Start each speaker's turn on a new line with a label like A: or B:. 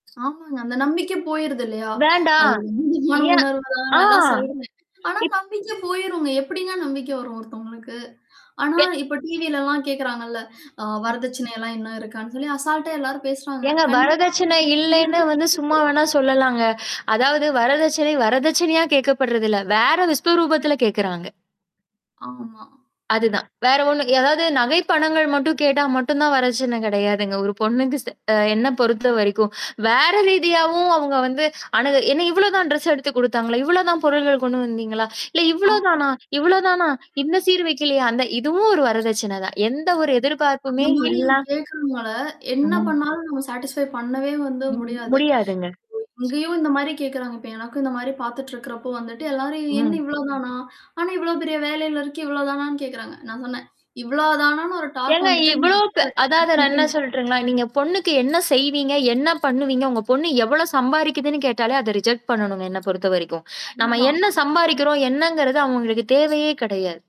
A: ஆமாங்க. அந்த நம்பிக்க போயிருது இல்லையா? அது
B: வேண்டாம்.
A: உன்னதமான
B: ஏன்?
A: உணர்வு தான்னு
B: ஆ.
A: எல்லாம் சொல்றேன். ஆனா
B: இப்
A: நம்பிக்கை போயிருங்க. எப்படிங்க நம்பிக்கை வரும் ஒருத்தவங்களுக்கு? ஆனா,
B: வே
A: இப்ப டிவிலலாம் கேட்கறாங்கல்ல! அ
B: ம்.
A: வரதட்சணையெல்லாம் என்ன இருக்கான்னு சொல்லி அசால்ட்டா எல்லாரும் பேசுறாங்க.
B: ஏங்க,
A: கண்டிப்பா,
B: வரதட்சணை இல்லைன்னு வந்து சும்மா
A: [unintelligible]
B: வேணா சொல்லலாங்க! அதாவது வரதட்சணை, வரதட்சணையா கேட்கப்படுறதில்ல. வேற விஸ்வரூபத்தில கேட்கறாங்க.
A: ஆமா.
B: அதுதான். வேற ஒண்ணு அதாவது நகை, பணங்கள் மட்டும் கேட்டா மட்டும் தான் வரட்சணை கெடையாதுங்க. ஒரு பொண்ணுக்கு செ அ என்ன பொறுத்தவரைக்கும், வேற ரீதியாவும் அவங்க வந்து அணுகு என்ன இவ்ளோதான் ட்ரெஸ் எடுத்துக் குடுத்தாங்களா? இவ்ளோதான் பொருள்கள் கொண்டு வந்தீங்களா? இல்ல இவ்ளோ
A: ஆமா.
B: தானா? இவ்ளோ தானா? இன்னும் சீர் வக்கலையா? அந்த இதுவும் ஒரு வரதட்சணை தான். எந்த ஒரு
A: அந்த
B: எதிர்பார்ப்புமே
A: மாரியும்
B: இல்லா
A: கேட்கறனால என்ன
B: ம்.
A: பண்ணாலும், நம்ம சாட்டிஸ்ஃபை பண்ணவே வந்து
B: ம்,
A: முடியாது.
B: முடியாதுங்க.
A: ஓ! இங்கேயும் இந்த மாரி கேட்கறாங்க. இப்ப எனக்கும் இந்த மாரி பாத்துட்டு இருக்கிறப்போ வந்துட்டு, எல்லாரும் என்ன
B: ம்.
A: இவ்ளோதானா? ஆனா, இவ்ளோ பெரிய வேலையில இருக்கேன், இவ்வளோ தானான்னு கேட்கறாங்க! நான் சொன்னேன், இவ்ளோ தானான்னு ஒரு டாக்
B: ஏங்க,
A: வந்துட்டா, நீங்க
B: இவ்ளோ பெ
A: அப்படியே அத கட்
B: அதாவது நான் என்ன
A: பண்றீங்க.
B: சொல்லட்டுங்களா? நீங்க பொண்ணுக்கு என்ன செய்வீங்க? என்ன பண்ணுவீங்க? உங்க பொண்ணு எவ்ளோ சம்பாரிக்குதுன்னு கேட்டாலே, அத ரிஜெக்ட் பண்ணணுங்க என்ன பொறுத்தவரைக்கும். நம்ம
A: அவ்ளோதான்.
B: என்ன சம்பாரிக்கிறோம்? என்னங்கிறது அவங்களுக்கு தேவையே கிடையாது.